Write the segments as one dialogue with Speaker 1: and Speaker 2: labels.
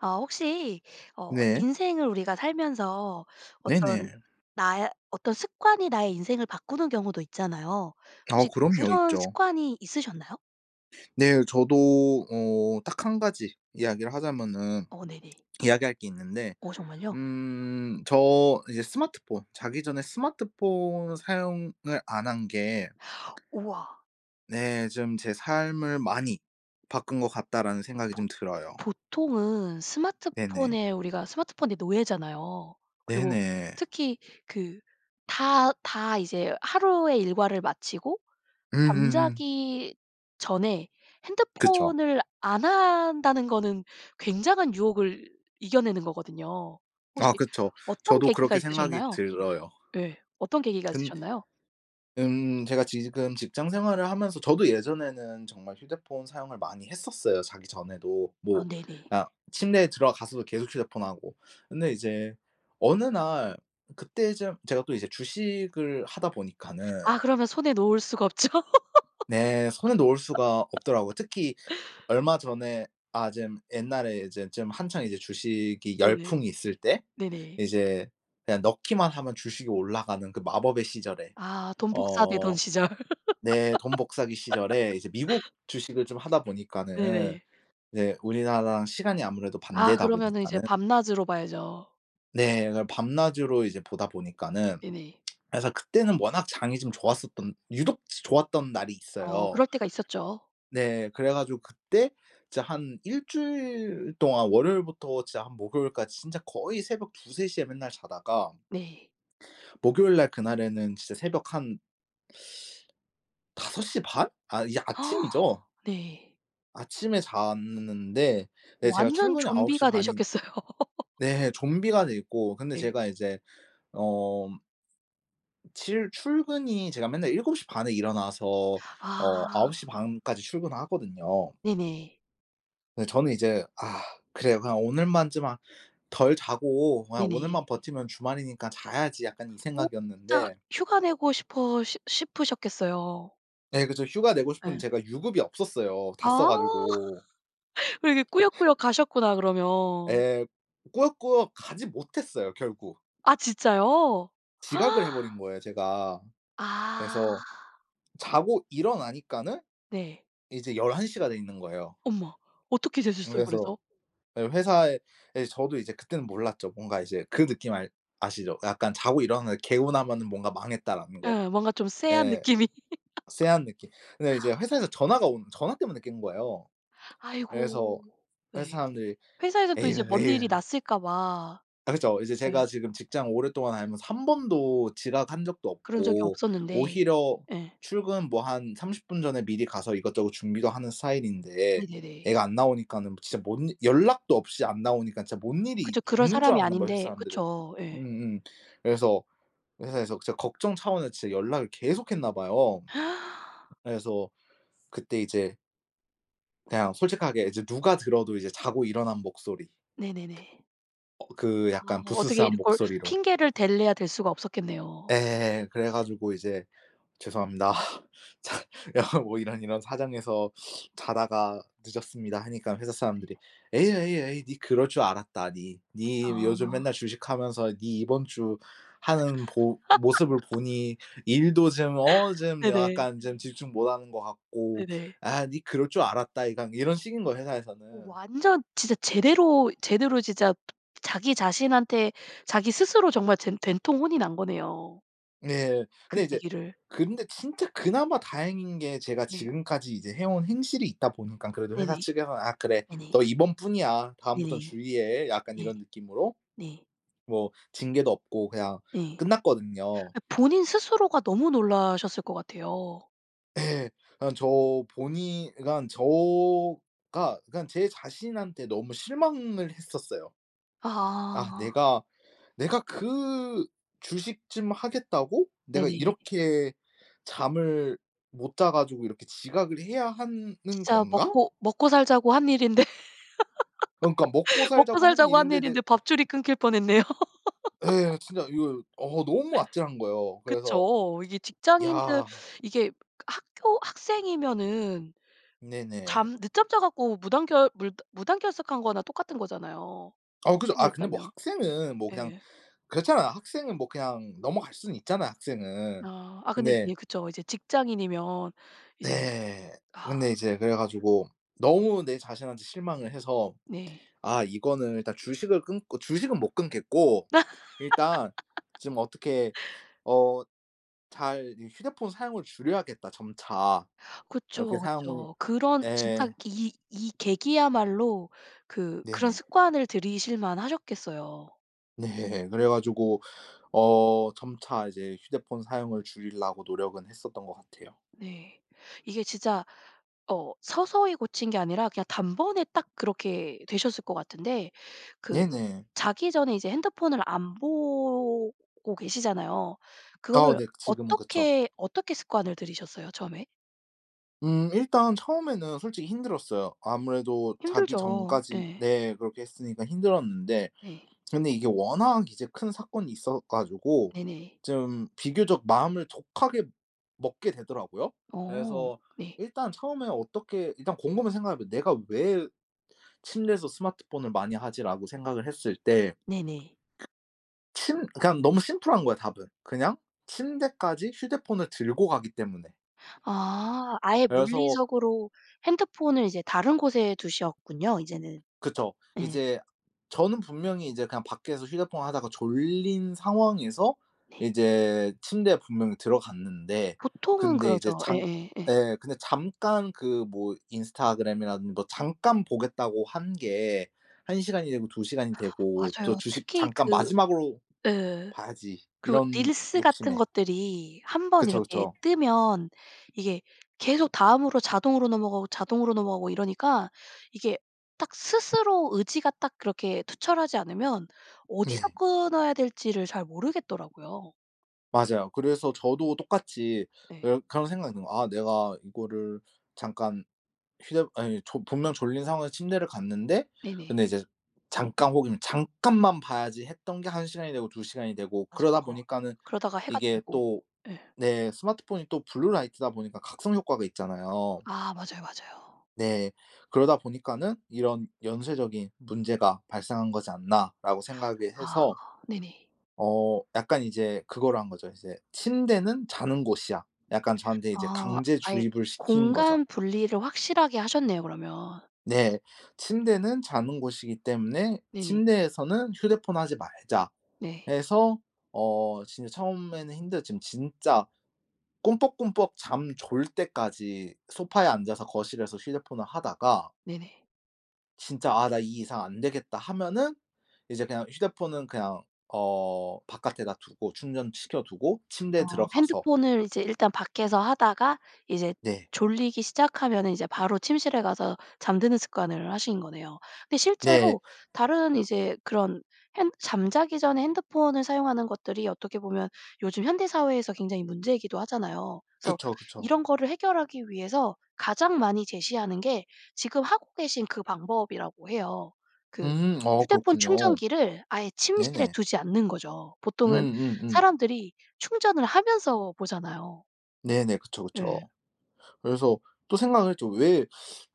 Speaker 1: 아 혹시 어
Speaker 2: 네.
Speaker 1: 인생을 우리가 살면서 어떤
Speaker 2: 네네.
Speaker 1: 나의 어떤 습관이 나의 인생을 바꾸는 경우도 있잖아요.
Speaker 2: 아
Speaker 1: 혹시
Speaker 2: 그럼요.
Speaker 1: 그런
Speaker 2: 있죠.
Speaker 1: 습관이 있으셨나요?
Speaker 2: 네 저도 어 딱 1 가지 이야기를 하자면은
Speaker 1: 어 네네.
Speaker 2: 이야기할 게 있는데.
Speaker 1: 어 정말요?
Speaker 2: 음 저 이제 스마트폰 자기 전에 스마트폰 사용을 안 한 게
Speaker 1: 우와.
Speaker 2: 네 좀 '제 삶을 많이 바꾼 것 같다.'라는 생각이
Speaker 1: 보
Speaker 2: 좀 들어요.
Speaker 1: 보통은
Speaker 2: 네네.
Speaker 1: 스마트폰에 우리가 스마트폰의 노예잖아요. 그리고
Speaker 2: 네네.
Speaker 1: 특히 그 다, 다 이제 하루의 일과를 마치고
Speaker 2: 음음음.
Speaker 1: 잠자기 전에
Speaker 2: 그쵸.
Speaker 1: 핸드폰을 안 한다는 거는 굉장한 유혹을 이겨내는 거거든요. 혹시
Speaker 2: 아 그쵸.
Speaker 1: 어떤
Speaker 2: 저도
Speaker 1: 계기가
Speaker 2: 그렇게 생각이
Speaker 1: 있으셨나요?
Speaker 2: 들어요.
Speaker 1: 네. 어떤 계기가
Speaker 2: 근
Speaker 1: 있으셨나요?
Speaker 2: 음 제가 지금 직장생활을 하면서 저도 예전에는 정말 휴대폰 사용을 많이 했었어요 자기 전에도.
Speaker 1: 아
Speaker 2: 뭐
Speaker 1: 네네.
Speaker 2: 그냥 침대에 들어가서도 계속 휴대폰 하고. 근데 이제 어느 날 그때쯤 제가 또 이제 주식을 하다
Speaker 1: 아
Speaker 2: 보니까는
Speaker 1: 그러면 손에 놓을 수가 없죠.
Speaker 2: 네 손을 놓을 수가 없더라고요. 특히 얼마 전에 아 좀 옛날에 이제 좀 한창 이제 주식이
Speaker 1: 네네.
Speaker 2: 열풍이 있을 때
Speaker 1: 네네.
Speaker 2: 이제 그냥 넣기만 하면 주식이 올라가는 그 마법의 시절에
Speaker 1: 아 돈 복사되던
Speaker 2: 어
Speaker 1: 시절.
Speaker 2: 네 돈 복사기 시절에 이제 미국 주식을 좀 하다 보니까는
Speaker 1: 네네.
Speaker 2: 이제 우리나라랑 시간이 아무래도
Speaker 1: 아
Speaker 2: 반대다
Speaker 1: 그러면은 이제
Speaker 2: 보니까는
Speaker 1: 밤낮으로 봐야죠.
Speaker 2: 네. 그냥 밤낮으로 이제 보다 보니까는.
Speaker 1: 네네.
Speaker 2: 그래서 그때는 워낙 장이 좀 좋았었던 유독 지 좋았던 날이
Speaker 1: 어
Speaker 2: 있어요.
Speaker 1: 그럴 때가 있었죠.
Speaker 2: 네 그래 가지고 그때 진짜 한 1 주일 동안 월요일부터 진짜 한 목요일까지 진짜 거의 새벽 2-3 시에 맨날 자다가
Speaker 1: 네.
Speaker 2: 목요일 날 그날에는 진짜 새벽 한 5 시 반? 아 이제 아침이죠.
Speaker 1: 네.
Speaker 2: 아침에 잤는데 네 제가
Speaker 1: 완전
Speaker 2: 출근이 9 시
Speaker 1: 좀비가
Speaker 2: 반인
Speaker 1: 되셨겠어요.
Speaker 2: 네 좀비가 돼 있고. 근데
Speaker 1: 네.
Speaker 2: 제가 이제 어 칠 출근이 제가 맨날 7 시 반에 일어나서 어 9 시
Speaker 1: 아.
Speaker 2: 반까지 출근을 하거든요.
Speaker 1: 네네.
Speaker 2: 네 저는 이제 '아 그래. 그냥 오늘만 좀 아 덜 자고 그냥
Speaker 1: 네네.
Speaker 2: 오늘만 버티면 주말이니까 자야지.' 약간 이
Speaker 1: 어 진짜
Speaker 2: 생각이었는데
Speaker 1: 휴가 내고 싶어 싶 싶으셨겠어요.
Speaker 2: 네 그렇죠. 휴가 내고 싶은데
Speaker 1: 예.
Speaker 2: 제가 유급이 없었어요. 다 써
Speaker 1: 아.
Speaker 2: 가지고.
Speaker 1: 그리고 이게 꾸역꾸역 가셨구나 그러면.
Speaker 2: 예. 꾸역꾸역 가지 못했어요 결국.
Speaker 1: 아 진짜요?
Speaker 2: 지각을 해 버린 거예요 제가.
Speaker 1: 아.
Speaker 2: 그래서 자고 일어나니까는
Speaker 1: 네.
Speaker 2: 이제 11 시가 돼 있는 거예요.
Speaker 1: 엄마. 어떻게 되셨어요
Speaker 2: 그래서
Speaker 1: 그래서?
Speaker 2: 예 회사에 예 저도 이제 그때는 몰랐죠. 뭔가 이제 그 느낌 알 아시죠? 약간 자고 일어나는데 개운하면은 뭔가 '망했다.'라는 거.
Speaker 1: 예 뭔가 좀 쎄한
Speaker 2: 예
Speaker 1: 느낌이.
Speaker 2: 쎄한 느낌. 근데 이제 회사에서 전화가 오는 전화 때문에 깬 거예요. 그래서
Speaker 1: 아이고
Speaker 2: 회사
Speaker 1: 네.
Speaker 2: 사람들이
Speaker 1: 회사에서는 또 이제
Speaker 2: "에유,
Speaker 1: 뭔
Speaker 2: 에유."
Speaker 1: 일이 났을까봐
Speaker 2: 아 그렇죠. 이제
Speaker 1: 예.
Speaker 2: 제가 지금 직장 오랫동안 다니면서 1 번도 지각한 적도
Speaker 1: 그런 적이
Speaker 2: 없고
Speaker 1: 없었는데
Speaker 2: 오히려
Speaker 1: 예.
Speaker 2: 출근 뭐 한 30 분 전에 미리 가서 이것저것 준비도 하는 스타일인데
Speaker 1: 네네네.
Speaker 2: 애가 안 나오니까는 진짜 뭔 연락도 없이 안 나오니까 진짜 뭔 일이
Speaker 1: 그쵸 그럴
Speaker 2: 있는 줄
Speaker 1: 사람이
Speaker 2: 알았나 봐요 회사
Speaker 1: 아닌데
Speaker 2: 사람들은.
Speaker 1: 그쵸. 예.
Speaker 2: 음음 그래서 회사에서 진짜 걱정 차원에 진짜 연락을 계속했나 봐요. 그래서 그때 이제 그냥 솔직하게 이제 누가 들어도 이제 자고 일어난 목소리.
Speaker 1: 네네네.
Speaker 2: 어 그
Speaker 1: 아
Speaker 2: 약간
Speaker 1: 어떻게
Speaker 2: 부스스한
Speaker 1: 이걸
Speaker 2: 목소리로.
Speaker 1: 핑계를 댈래야 댈 수가 없었겠네요.
Speaker 2: 예. 그래 가지고 이제 "죄송합니다. 자 야 뭐 이런 이런 사정에서 자다가 늦었습니다." 하니까 회사
Speaker 1: 네.
Speaker 2: 사람들이 "에이, 에이, 에이, 니 그럴 줄 알았다, 니. 니 요즘
Speaker 1: 아.
Speaker 2: 맨날 주식 하면서 니 이번 주 하는 보 모습을 보니 일도 좀 어 좀
Speaker 1: 네네.
Speaker 2: 약간 좀 집중 못 하는 것 같고
Speaker 1: 네네.
Speaker 2: 아 니 그럴 줄 알았다, 이거." 이런 식인 거야
Speaker 1: 어
Speaker 2: 회사에서는.
Speaker 1: 완전 진짜 제대로 제대로 진짜 자기 자신한테 자기 스스로 정말 젠 된통 혼이 난 거네요.
Speaker 2: 네.
Speaker 1: 그
Speaker 2: 근데 이제
Speaker 1: 계기를
Speaker 2: 근데 진짜 그나마 다행인 게 제가
Speaker 1: 네.
Speaker 2: 지금까지 이제 해온 행실이 있다 보니깐 그래도 회사
Speaker 1: 네네.
Speaker 2: 측에서는 "아 그래
Speaker 1: 네네.
Speaker 2: 너 이번뿐이야. 다음부턴
Speaker 1: 네네.
Speaker 2: 주의해." 약간
Speaker 1: 네.
Speaker 2: 이런 느낌으로.
Speaker 1: 네.
Speaker 2: 뭐 징계도 없고 그냥
Speaker 1: 네.
Speaker 2: 끝났거든요.
Speaker 1: 아 본인 스스로가 너무 놀라셨을 것 같아요.
Speaker 2: 예. 그냥 저 본인 그러니깐 저 가 그러니깐 제 자신한테 너무 실망을 했었어요. '아
Speaker 1: 아.
Speaker 2: 내가 내가 그 주식 좀 하겠다고 내가
Speaker 1: 네네.
Speaker 2: 이렇게 잠을 못 자 가지고 이렇게 지각을 해야 하는
Speaker 1: 진짜
Speaker 2: 건가?'
Speaker 1: 먹고 먹고살자고 한 일인데.
Speaker 2: 그니까 먹고살자고 하는
Speaker 1: 먹고살자고 하는
Speaker 2: 일인데 내
Speaker 1: 일인데 밥줄이 끊길 뻔했네요.
Speaker 2: 예. 진짜 이거 어 너무 아찔한 거예요. 그래서
Speaker 1: 그쵸. 이게 직장인들
Speaker 2: 야
Speaker 1: 이게 학교 학생이면은
Speaker 2: 네네.
Speaker 1: 잠 늦잠 자 갖고 무단결 물 무단결석한 거나 똑같은 거잖아요,
Speaker 2: 어 그죠. 아 근데 뭐
Speaker 1: 학생이었다면.
Speaker 2: 학생은 뭐 그냥
Speaker 1: 예.
Speaker 2: 그렇잖아. 학생은 뭐 그냥 넘어갈 수는 있잖아, 학생은.
Speaker 1: 아. 아 근데
Speaker 2: 근데
Speaker 1: 예 그쵸. 이제 직장인이면 이제
Speaker 2: 네.
Speaker 1: 아.
Speaker 2: 근데 이제 그래 가지고 너무 내 자신한테 실망을 해서
Speaker 1: 네.
Speaker 2: 아 이거는 일단 주식을 끊고 주식은 못 끊겠고 일단 좀 어떻게 어 잘 이 '휴대폰 사용을 줄여야겠다.' 점차. 이렇게
Speaker 1: 그쵸
Speaker 2: 사용을
Speaker 1: 그쵸. 그런 진짜
Speaker 2: 예.'
Speaker 1: 이 이 계기야말로 그 그런
Speaker 2: 네.
Speaker 1: 습관을 들이실만하셨겠어요.
Speaker 2: 네. 그래 가지고 어 점차 이제 휴대폰 사용을 줄이려고 노력은 했었던 것 같아요.
Speaker 1: 네. 이게 진짜 어 서서히 고친 게 아니라 그냥 단번에 딱 그렇게 되셨을 것 같은데 그
Speaker 2: 네네.
Speaker 1: 자기 전에 이제 핸드폰을 안 보고 계시잖아요.
Speaker 2: 아
Speaker 1: 그거를
Speaker 2: 네, 그 지금은 그쵸.
Speaker 1: 어떻게, 어떻게 습관을 들이셨어요, 처음에?
Speaker 2: 음 일단 처음에는 솔직히 힘들었어요. 아무래도 자기
Speaker 1: 힘들죠.
Speaker 2: 전까지
Speaker 1: 예.
Speaker 2: 네 그렇게 했으니까 힘들었는데.
Speaker 1: 네.
Speaker 2: 그런데 이게 워낙 이제 큰 사건이 있어 가지고
Speaker 1: 네네.
Speaker 2: 좀 비교적 마음을 독하게 먹게 되더라고요.
Speaker 1: 어
Speaker 2: 그래서
Speaker 1: 네.
Speaker 2: 일단 처음에 어떻게 일단 곰곰이 생각해 봐. '내가 왜 침대에서 스마트폰을 많이 하지?'라고 생각을 했을 때 그
Speaker 1: 네네.
Speaker 2: 침 그냥 너무 심플한 거야 답은. 그냥 침대까지 휴대폰을 들고 가기 때문에.
Speaker 1: 아 아예
Speaker 2: 그래서
Speaker 1: 물리적으로 핸드폰을 이제 다른 곳에 두셨군요 이제는.
Speaker 2: 그쵸.
Speaker 1: 예.
Speaker 2: 이제 저는 분명히 이제 그냥 밖에서 휴대폰 하다가 졸린 상황에서
Speaker 1: 네.
Speaker 2: 이제 침대에 분명히 들어갔는데
Speaker 1: 보통은
Speaker 2: 근데 이제
Speaker 1: 그러죠.
Speaker 2: 장
Speaker 1: 예예예.
Speaker 2: 예 근데 잠깐 그 뭐 인스타그램이라든 뭐 잠깐 보겠다고 한 게 1 시간이 되고 2 시간이 되고 또
Speaker 1: 맞아요.
Speaker 2: '주식
Speaker 1: 특히
Speaker 2: 잠깐
Speaker 1: 그
Speaker 2: 마지막으로
Speaker 1: 예
Speaker 2: 봐야지.'
Speaker 1: 그
Speaker 2: 이런
Speaker 1: 릴스 같은
Speaker 2: 욕심에
Speaker 1: 것들이 1 번
Speaker 2: 그쵸,
Speaker 1: 이렇게
Speaker 2: 그쵸.
Speaker 1: 뜨면 이게 계속 다음으로 자동으로 넘어가고, 자동으로 넘어가고 이러니까 이게 딱 스스로 의지가 딱 그렇게 투철하지 않으면 어디서
Speaker 2: 네.
Speaker 1: 끊어야 될지를 잘 모르겠더라고요.
Speaker 2: 맞아요. 그래서 저도 똑같이
Speaker 1: 네.
Speaker 2: 어 그런 생각이 있는 거야. 아 내가 이거를 잠깐 휴대 아니 조 분명 졸린 상황에서 침대를 갔는데
Speaker 1: 네네.
Speaker 2: 근데 이제 '잠깐 혹은 잠깐만 봐야지.' 했던 게 1 시간이 되고 2 시간이 되고 그러다
Speaker 1: 맞아요.
Speaker 2: 보니까는
Speaker 1: 그러다가 해가
Speaker 2: 이게
Speaker 1: 뜨고
Speaker 2: 또
Speaker 1: 예.
Speaker 2: 네 스마트폰이 또 블루라이트다 보니까 각성 효과가 있잖아요.
Speaker 1: 아 맞아요, 맞아요.
Speaker 2: 네. '그러다 보니까는 이런 연쇄적인 문제가 발생한 거지 않나.'라고 생각을
Speaker 1: 아
Speaker 2: 해서
Speaker 1: 네네.
Speaker 2: 어 약간 이제 그거로 한 거죠. 이제 '침대는 자는 곳이야.' 약간 저한테 이제
Speaker 1: 아.
Speaker 2: 강제
Speaker 1: 아예
Speaker 2: 주입을 시킨 거죠.
Speaker 1: 공간 분리를 확실하게 하셨네요 그러면.
Speaker 2: 네. '침대는 자는 곳이기 때문에
Speaker 1: 네네.
Speaker 2: 침대에서는 휴대폰 하지 말자.'
Speaker 1: 네.
Speaker 2: 해서 어 진짜 처음에는 힘들었지만 진짜 꿈뻑꿈뻑 잠 졸 때까지 소파에 앉아서 거실에서 휴대폰을 하다가
Speaker 1: 네네.
Speaker 2: 진짜 '아 나 이 이상 안 되겠다.' 하면은 이제 그냥 휴대폰은 그냥 어 바깥에다 두고 충전시켜 두고
Speaker 1: 어
Speaker 2: 침대에 들어가서
Speaker 1: 핸드폰을 이제 일단 밖에서 하다가 이제
Speaker 2: 네.
Speaker 1: 졸리기 시작하면은 이제 바로 침실에 가서 잠드는 습관을 하신 거네요. 근데
Speaker 2: 네.
Speaker 1: 실제로 다른 이제 그런 핸 잠자기 전에 핸드폰을 사용하는 것들이 어떻게 보면 요즘 현대 사회에서 굉장히 문제이기도 하잖아요. 그래서
Speaker 2: 그쵸, 그쵸.
Speaker 1: 이런 거를 해결하기 위해서 가장 많이 제시하는 게 지금 하고 계신 그 방법이라고 해요. 그
Speaker 2: 음 아
Speaker 1: 휴대폰
Speaker 2: 그렇군요.
Speaker 1: 충전기를 아예 침실에
Speaker 2: 네네.
Speaker 1: 두지 않는 거죠. 보통은
Speaker 2: 음음음.
Speaker 1: 사람들이 충전을 하면서 보잖아요.
Speaker 2: 네네 그쵸, 그쵸.
Speaker 1: 예.
Speaker 2: 그래서 또 생각을 했죠. 왜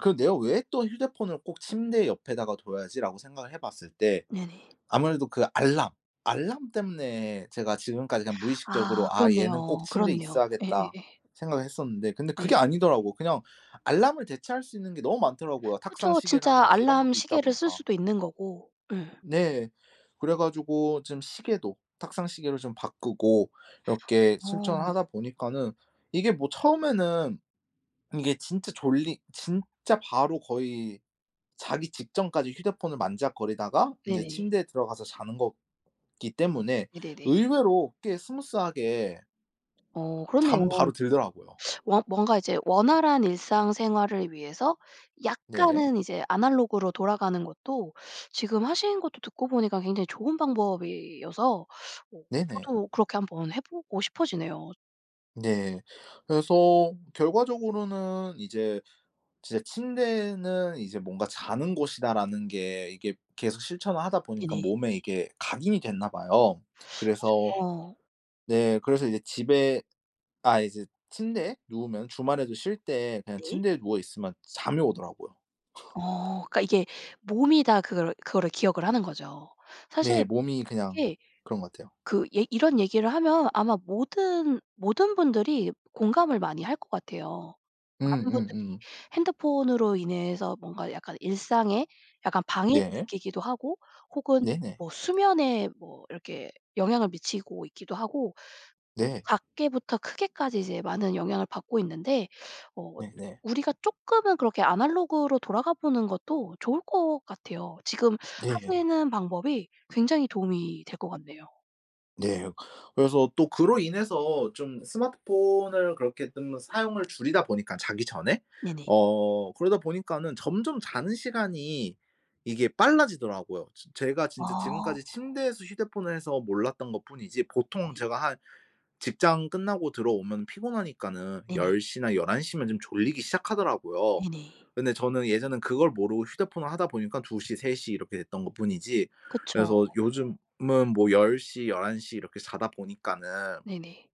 Speaker 2: 그 내가 '왜 또 휴대폰을 꼭 침대 옆에다가 둬야 하지?' 라고 생각을 해 봤을 때
Speaker 1: 네네.
Speaker 2: 아무래도 그 알람, 알람 때문에 제가 지금까지 그냥
Speaker 1: 아
Speaker 2: 무의식적으로 '아 얘는 꼭
Speaker 1: 그렇네요.
Speaker 2: 침대에
Speaker 1: 그렇네요.
Speaker 2: 있어야겠다.'
Speaker 1: 예예예.
Speaker 2: 생각을 했었는데 근데
Speaker 1: 네.
Speaker 2: 그게 아니더라고. 그냥 알람을 대체할 수 있는 게 너무 많더라고요,
Speaker 1: 그쵸. 진짜
Speaker 2: 탁상시계라든지 이런 것도 있다
Speaker 1: 알람시계를 쓸
Speaker 2: 보니까.
Speaker 1: 수도 있는 거고, 예.
Speaker 2: 네. 그래 가지고 좀 시계도 탁상시계로 좀 바꾸고 이렇게 실천을
Speaker 1: 아.
Speaker 2: 하다 보니까는 이게 뭐 처음에는 이게 진짜 졸리 진짜 바로 거의 자기 직전까지 휴대폰을 만지작거리다가 인제
Speaker 1: 네네.
Speaker 2: 침대에 들어가서 자는 거기 때문에
Speaker 1: 네네네.
Speaker 2: 의외로 꽤 스무스 하게
Speaker 1: 어
Speaker 2: 잠
Speaker 1: 그렇네요.
Speaker 2: 바로 들더라고요.
Speaker 1: 원 뭔가 이제 원활한 일상생활을 위해서
Speaker 2: 네.
Speaker 1: 약간은 이제 아날로그로 돌아가는 것도 지금 하신 것도 듣고 보니까 굉장히 좋은 방법이어서 어
Speaker 2: 네네.
Speaker 1: 저도 그렇게 한번 해 보고 싶어지네요.
Speaker 2: 네. 그래서 결과적으로는 이제 진짜 '침대는 이제 뭔가 자는 곳이다.'라는 게 이게 계속 실천을 하다 보니까
Speaker 1: 네네.
Speaker 2: 몸에 이게 각인이 됐나 봐요. 그래서
Speaker 1: [unintelligible]
Speaker 2: 네 그래서 이제 집에 아 이제 침대에 누우면 주말에도 쉴 때 그냥
Speaker 1: 네.
Speaker 2: 침대에 누워 있으면 잠이 오더라고요.
Speaker 1: 어 그러니까 이게 몸이 다 그거를, 그거를 기억을 하는 거죠. 사실
Speaker 2: 네. 몸이 그냥
Speaker 1: 이게
Speaker 2: 그런 것 같아요.
Speaker 1: 그 얘 이런 얘기를 하면 아마 모든, 모든 분들이 공감을 많이 할 것 같아요. 많은 분들이
Speaker 2: 음음음.
Speaker 1: 핸드폰으로 인해서 뭔가 약간 일상에 약간 방해를
Speaker 2: 네.
Speaker 1: 느끼기도 하고 혹은
Speaker 2: 네네.
Speaker 1: 뭐 수면에 뭐 이렇게 영향을 미치고 있기도 하고
Speaker 2: 네.
Speaker 1: 작게부터 크게까지 이제 많은 영향을 받고 있는데 어
Speaker 2: 네네.
Speaker 1: 우리가 쪼끔은 그렇게 아날로그로 돌아가 보는 것도 좋을 것 같아요. 지금
Speaker 2: 네.
Speaker 1: 하시는 방법이 굉장히 도움이 될 것 같네요.
Speaker 2: 네. 그래서 또 그로 인해서 좀 스마트폰을 그렇게 좀 사용을 줄이다 보니까 자기 전에
Speaker 1: 네네.
Speaker 2: 어 그러다 보니까는 점점 자는 시간이 이게 빨라지더라고요. 즈 제가 진짜
Speaker 1: 어.
Speaker 2: 지금까지 침대에서 휴대폰을 해서 몰랐던 것뿐이지 보통
Speaker 1: 네.
Speaker 2: 제가 한 직장 끝나고 들어오면 피곤하니까는
Speaker 1: 네네.
Speaker 2: 10 시나 11 시면 좀 졸리기 시작하더라고요.
Speaker 1: 네네.
Speaker 2: 근데 저는 예전엔 그걸 모르고 휴대폰을 하다 보니까 2 시, 3 시 이렇게 됐던 것뿐이지.
Speaker 1: 그쵸.
Speaker 2: 그래서 요즘은 뭐 10 시 11 시 이렇게 자다 보니까는
Speaker 1: 네네.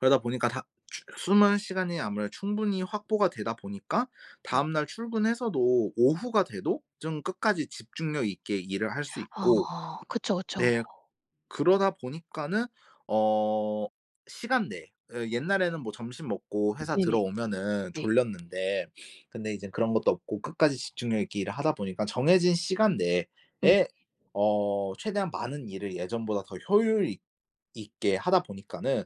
Speaker 2: 그러다 보니까 다 추 수면 시간이 아무래도 충분히 확보가 되다 보니까
Speaker 1: 네.
Speaker 2: 다음날 출근해서도 오후가 돼도 좀 끝까지 집중력 있게 일을 할 수 있고
Speaker 1: 아 그쵸 그쵸.
Speaker 2: 네 그러다 보니까는 어 시간 내 으 옛날에는 뭐 점심 먹고 회사
Speaker 1: 네네.
Speaker 2: 들어오면은
Speaker 1: 네.
Speaker 2: 졸렸는데 근데 이젠 그런 것도 없고 끝까지 집중력 있게 일을 하다 보니까 정해진 시간
Speaker 1: 네.
Speaker 2: 내에 어 최대한 많은 일을 예전보다 더 효율 있 있게 하다 보니까는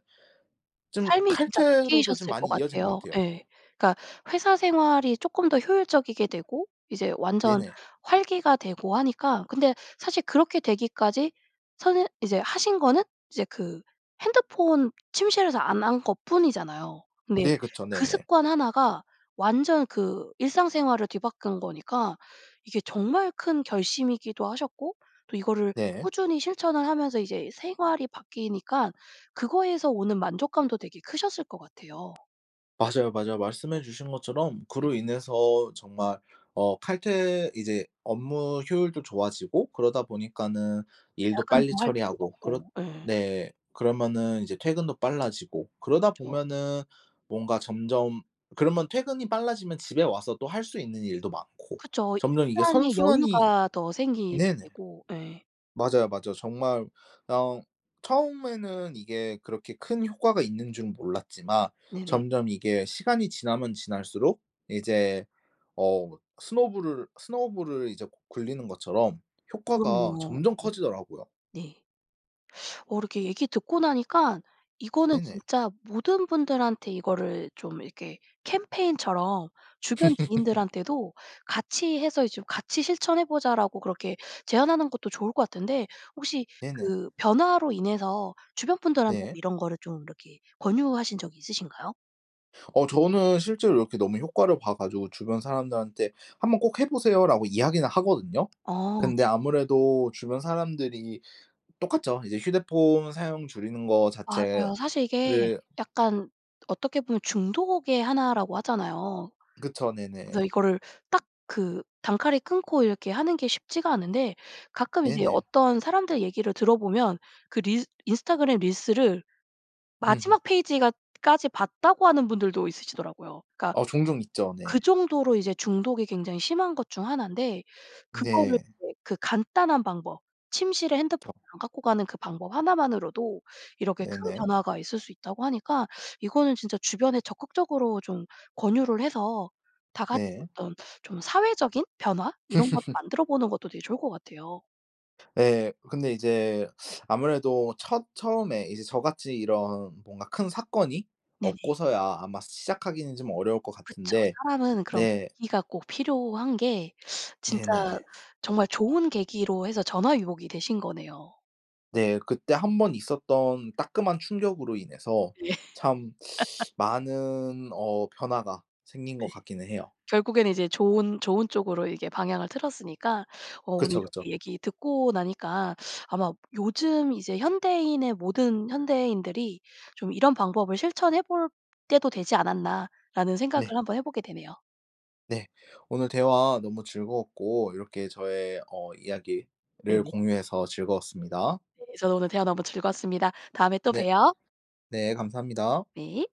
Speaker 2: 좀
Speaker 1: 삶이 진짜
Speaker 2: 칼퇴로도 좀
Speaker 1: 바뀌셨을 것
Speaker 2: 많이 이어진 것
Speaker 1: 같아요.
Speaker 2: 같아요.
Speaker 1: 예. 그러니까 회사 생활이 쪼끔 더 효율적이게 되고 이제 완전
Speaker 2: 네네.
Speaker 1: 활기가 되고 하니까. 근데 사실 그렇게 되기까지 선새 이제 하신 거는 이제 그 핸드폰 침실에서 안 한 것뿐이잖아요. 네.
Speaker 2: 네 그쵸.
Speaker 1: 그
Speaker 2: 네네.
Speaker 1: 습관 1 가 완전 그 일상생활을 뒤바꾼 거니까 이게 정말 큰 결심이기도 하셨고 또 이거를
Speaker 2: 네.
Speaker 1: 꾸준히 실천을 하면서 이제 생활이 바뀌니까 그거에서 오는 만족감도 되게 크셨을 것 같아요.
Speaker 2: 맞아요, 맞아요.
Speaker 1: 네.
Speaker 2: 말씀해 주신 것처럼
Speaker 1: 네.
Speaker 2: 그로 인해서 정말 어 칼퇴 이제 업무 효율도 좋아지고 그러다 보니까는 일도 빨리
Speaker 1: 야근도 할 필요가
Speaker 2: 처리하고 그렇
Speaker 1: 없고. 예.
Speaker 2: 네 그러면은 이제 퇴근도 빨라지고 그러다
Speaker 1: 그쵸.
Speaker 2: 보면은 뭔가 점점 그러면 퇴근이 빨라지면 집에 와서 또 할 수 있는 일도 많고.
Speaker 1: 그쵸.
Speaker 2: 점점 이게
Speaker 1: 일상에
Speaker 2: 선순환이
Speaker 1: 여유가 더 생기게
Speaker 2: 네네.
Speaker 1: 되고. 예.
Speaker 2: 맞아요, 맞아요. 정말 어 처음에는 이게 그렇게 큰 효과가 있는 줄은 몰랐지만
Speaker 1: 네네.
Speaker 2: 점점 이게 시간이 지나면 지날수록 이제 어 스노볼을, 스노볼을 이제 구 굴리는 것처럼 효과가
Speaker 1: 그럼요.
Speaker 2: 점점
Speaker 1: 예.
Speaker 2: 커지더라고요.
Speaker 1: 네. 어 이렇게 얘기 듣고 나니까 이거는
Speaker 2: 네네.
Speaker 1: 진짜 모든 분들한테 이거를 좀 이렇게 캠페인처럼 주변 지인들한테도 '같이 해서 이제 좀 같이 실천해 보자.'라고 그렇게 제안하는 것도 좋을 것 같은데 혹시
Speaker 2: 네네.
Speaker 1: 그 변화로 인해서 주변 분들한테도
Speaker 2: 네.
Speaker 1: 이런 거를 좀 이렇게 권유하신 적이 있으신가요?
Speaker 2: 어 저는 실제로 이렇게 너무 효과를 봐 가지고 주변 사람들한테 "한번 꼭 해 보세요."라고 이야기는 하거든요.
Speaker 1: 어
Speaker 2: 근데
Speaker 1: 네.
Speaker 2: 아무래도 주변 사람들이 똑같죠. 이제 휴대폰 사용 줄이는 거
Speaker 1: 맞아요.
Speaker 2: 자체를
Speaker 1: 사실 이게 약간 어떻게 보면 중독의 1 라고 하잖아요.
Speaker 2: 그쵸.
Speaker 1: 그래서
Speaker 2: 네네.
Speaker 1: 이거를 딱 그 단칼에 끊고 이렇게 하는 게 쉽지가 않은데 가끔 이제
Speaker 2: 네네.
Speaker 1: 어떤 사람들 얘기를 들어보면 그 릴 인스타그램 릴스를
Speaker 2: 으흠.
Speaker 1: 마지막 페이지가 까지 봤다고 하는 분들도 있으시더라고요. 그러니까
Speaker 2: 어 종종 있죠.
Speaker 1: 그
Speaker 2: 네.
Speaker 1: 정도로 이제 중독이 굉장히 심한 것 중 1 인데 그거를
Speaker 2: 네.
Speaker 1: 이제 그 간단한 방법, 침실에 핸드폰
Speaker 2: [unintelligible]
Speaker 1: 안 갖고 가는 그 방법 1 만으로도 이렇게 큰
Speaker 2: 네네.
Speaker 1: 변화가 있을 수 있다고 하니까 이거는 진짜 주변에 적극적으로 좀 권유를 해서 다 같이
Speaker 2: 네.
Speaker 1: 어떤 좀 사회적인 변화 이런 거를 만들어보는 것도 되게 좋을 것 같아요.
Speaker 2: 예. 근데 이제 아무래도 첫 처음에 이제 저같이 이런 뭔가 큰 사건이
Speaker 1: 네네.
Speaker 2: 없고서야 아마 시작하기는 좀 어려울 것
Speaker 1: 그쵸.
Speaker 2: 같은데
Speaker 1: 사람은 그런
Speaker 2: 네.
Speaker 1: 계기가 꼭 필요한 게 진짜
Speaker 2: 네네.
Speaker 1: 정말 좋은 계기로 해서 전화위복 이 되신 거네요.
Speaker 2: 네. 그때 1 번 있었던 따끔한 충격으로 인해서
Speaker 1: 예.
Speaker 2: 참 많은 어 변화가 생긴
Speaker 1: 네.
Speaker 2: 것 같기는 해요.
Speaker 1: 결국에는 이제 좋은 좋은 쪽으로 이게 방향을 틀었으니까 어 오늘
Speaker 2: 그쵸, 그쵸.
Speaker 1: 이렇게 얘기 듣고 나니까 아마 요즘 이제 '현대인의 모든 현대인들이 좀 이런 방법을 실천해 볼 때도 되지 않았나.'라는 생각을
Speaker 2: 네.
Speaker 1: 한번 해 보게 되네요.
Speaker 2: 네. 오늘 대화 너무 즐거웠고 이렇게 저의 어 이야기를
Speaker 1: 네네.
Speaker 2: 공유해서 즐거웠습니다.
Speaker 1: 네 저도 오늘 대화 너무 즐거웠습니다. 다음에 또
Speaker 2: 네.
Speaker 1: 봬요.
Speaker 2: 네 감사합니다.
Speaker 1: 네.